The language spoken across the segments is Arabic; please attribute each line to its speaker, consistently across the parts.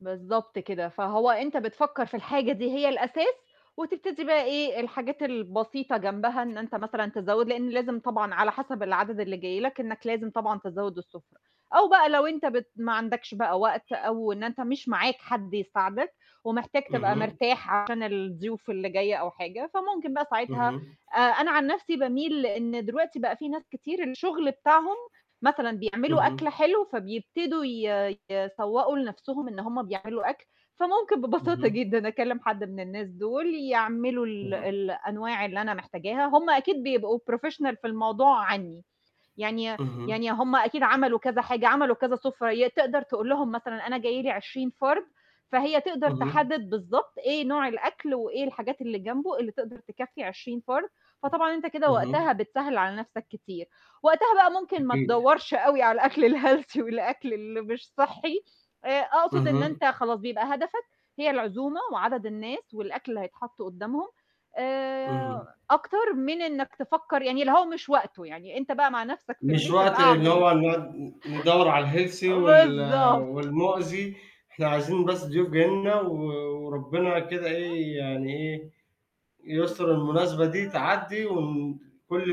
Speaker 1: بالضبط كده، فهو أنت بتفكّر في الحاجة دي هي الأساس، وتبتدي بقى إيه الحاجات البسيطة جنبها إن أنت مثلًا تزوّد، لإن لازم طبعًا على حسب العدد اللي جاي لك إنّك لازم طبعًا تزود السُفرة، أو بقى لو أنت بت ما عندكش بقى وقت أو إن أنت مش معاك حد يساعدك، ومحتاج تبقى
Speaker 2: اهم.
Speaker 1: مرتاح عشان الضيوف اللي جاية أو حاجة، فممكن بقى ساعتها
Speaker 2: اهم.
Speaker 1: آآ أنا عن نفْسي باميل إن دلوقتي بقى في ناس كتير الشغل بتاعهم، مثلًا بيعملوا أكل
Speaker 2: اهم.
Speaker 1: حلو فبيبتدوا ي يسوّقوا لنفْسهم إن هُم بيعملوا أكل، فممكن ببساطة
Speaker 2: اهم.
Speaker 1: جدًا أكلّم حد من الناس دُول يعملوا ال
Speaker 2: اهم.
Speaker 1: الأنواع اللي أنا محتاجاها، هُم أكيد بيبقوا professional في الموضوع عني، يعني ي
Speaker 2: اهم.
Speaker 1: يعني هُم أكيد عملوا كذا حاجة، عملوا كذا سُفرة ي تقدر تقول لهم مثلًا أنا جاي لي 20 فرد، فهي تقدر
Speaker 2: اهم.
Speaker 1: تحدد بالضبط إيه نوع الأكل، وإيه الحاجات اللي جنبه اللي تقدر تكفّي 20 فرد، فطبعًا أنت كده وقتها
Speaker 2: اهم.
Speaker 1: بتسهّل على نفْسك كتير، وقتها بقى ممكن ما
Speaker 2: أكيد.
Speaker 1: تدوّرش أوي على الأكل الhealthy والأكل اللي مش صحّي، آآ أقصد إن
Speaker 2: اهم.
Speaker 1: أنت خلاص، بيبقى هدفك هي العزومة وعدد الناس والأكل اللي هيتحط قُدّامهم،
Speaker 2: اهم.
Speaker 1: آآ أكتر من إنّك تفكّر يعني اللي هو مش وقته يعني، أنت بقى مع نفْسك في
Speaker 2: مش
Speaker 1: البيت ابقى
Speaker 2: وقت اللي
Speaker 1: اعمل
Speaker 2: هو نُقعُد ن ندوّر على الhealthy وال
Speaker 1: بالضبط.
Speaker 2: والمؤذي، إحنا عايزين بس ضيوف جايين لنا و وربنا كده
Speaker 1: [unintelligible]
Speaker 2: إيه يعني إيه، يُستُر المناسبة دي تعدّي وكلّ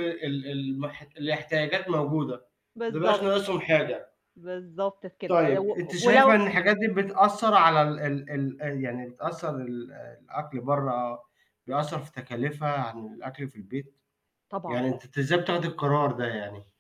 Speaker 2: ال ال المح الاحتياجات موجودة، ما يبقاش
Speaker 1: بالضبط.
Speaker 2: ناقصهم حاجة.
Speaker 1: بالضبط كده
Speaker 2: طيب. أنتِ
Speaker 1: و
Speaker 2: شايفة
Speaker 1: ولو
Speaker 2: إن الحاجات دي بتأثّر على ال ال ال آآ يعني بتأثّر ال الأكل برّه بيأثّر في تكاليفها عن الأكل في البيت؟
Speaker 1: طبعًا.
Speaker 2: يعني أنتِ أنتِ إزاي بتاخدي القرار ده يعني؟